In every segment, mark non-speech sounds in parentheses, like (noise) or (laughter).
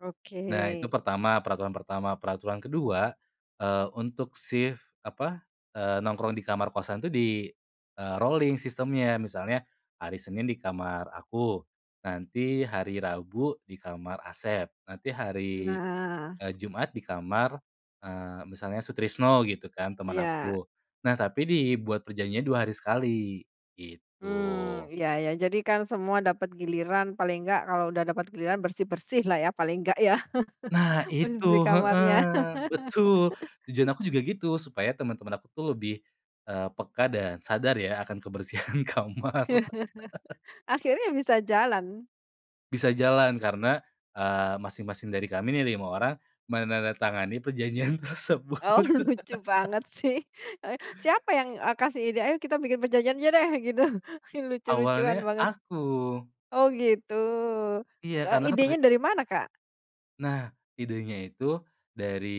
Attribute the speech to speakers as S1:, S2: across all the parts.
S1: Oke.
S2: Nah itu pertama, peraturan pertama. Peraturan kedua, eee, untuk sif apa, eee, nongkrong di kamar kosan itu di, eee, rolling sistemnya. Misalnya hari Senin di kamar aku, nanti hari Rabu di kamar Asep nanti hari,
S1: Nah.
S2: eee, Jumat di kamar, eee, misalnya Sutrisno gitu kan teman
S1: Iya.
S2: aku. Nah, tapi dibuat perjanjiannya 2 hari sekali
S1: Mmm,
S2: gitu.
S1: iya iya, jadi kan semua dapat giliran paling enggak kalau udah dapat giliran bersih-bersih lah ya paling enggak ya
S2: Nah
S1: (chuckles)
S2: itu,
S1: bersih-bersih
S2: heeh,
S1: kamarnya.
S2: betul.
S1: (laughs)
S2: Tujuan aku juga gitu supaya teman-teman aku tuh lebih, eee, peka dan sadar ya akan kebersihan kamar. (chuckles)
S1: (chuckles) Akhirnya bisa jalan.
S2: Bisa jalan karena, eee, masing-masing dari kami ini ada 5 orang menandatangani perjanjian tersebut.
S1: Oh lucu banget
S2: (laughs)
S1: sih, eh, siapa yang, eee, kasih ide, "Ayo kita bikin perjanjian aja deh," gitu lucu-lucuan
S2: Awalnya,
S1: banget.
S2: aku.
S1: Oh gitu,
S2: Iya
S1: eee,
S2: karena kan terj
S1: idenya dari mana, Kak?
S2: Nah, idenya itu dari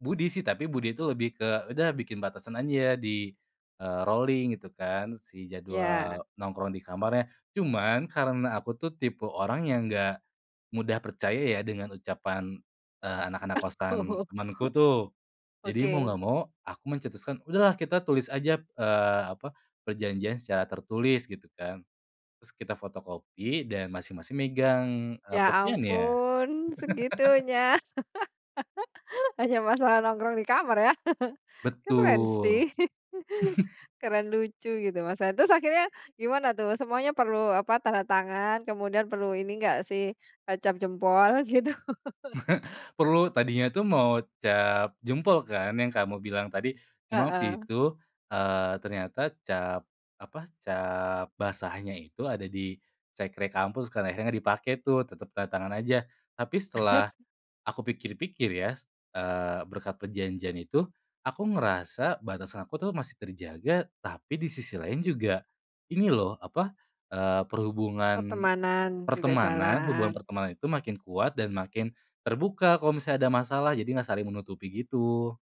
S2: Budi sih, tapi Budi itu lebih ke, "Udah bikin batasan aja di, eee, rolling," gitu kan, si
S1: Ya.
S2: jadwal nongkrong di kamarnya cuman, karena aku tuh tipe orang yang enggak mudah percaya ya dengan ucapan, eee, anak-anak kosan
S1: (chuckles)
S2: temenku tuh. Jadi mau nggak
S1: Oke.
S2: mau aku mencetuskan, "Udahlah kita tulis aja eee, apa, perjanjian secara tertulis," gitu kan, terus kita fotokopi dan masing-masing megang, eee,
S1: Ya
S2: kopiannya.
S1: ampun,
S2: (chuckles)
S1: segitunya (laughs) hanya masalah nongkrong di kamar ya, (chuckles) keren
S2: Betul.
S1: sih, (chuckles)
S2: (chuckles)
S1: keren lucu gitu, Masnya. Terus akhirnya gimana tuh semuanya perlu apa tanda tangan kemudian perlu ini enggak sih, eee, cap jempol gitu? (chuckles)
S2: (chuckles) Perlu, tadinya tuh mau cap jempol kan yang kamu bilang tadi, cuma waktu
S1: Heeh.
S2: itu, eee, ternyata cap apa, cap basahnya itu ada di sekre kampus kan, akhirnya nggak dipakai tuh tetep tanda tangan aja. Tapi setelah
S1: (chuckles)
S2: aku pikir-pikir ya, eee, berkat perjanjian itu, aku ngerasa batasan aku tuh masih terjaga tapi di sisi lain juga ini loh apa, eee, perhubungan
S1: Pertemanan juga
S2: pertemanan hubungan
S1: jalan.
S2: pertemanan itu makin kuat dan makin terbuka kalau misalnya ada masalah jadi gak saling menutupi gitu.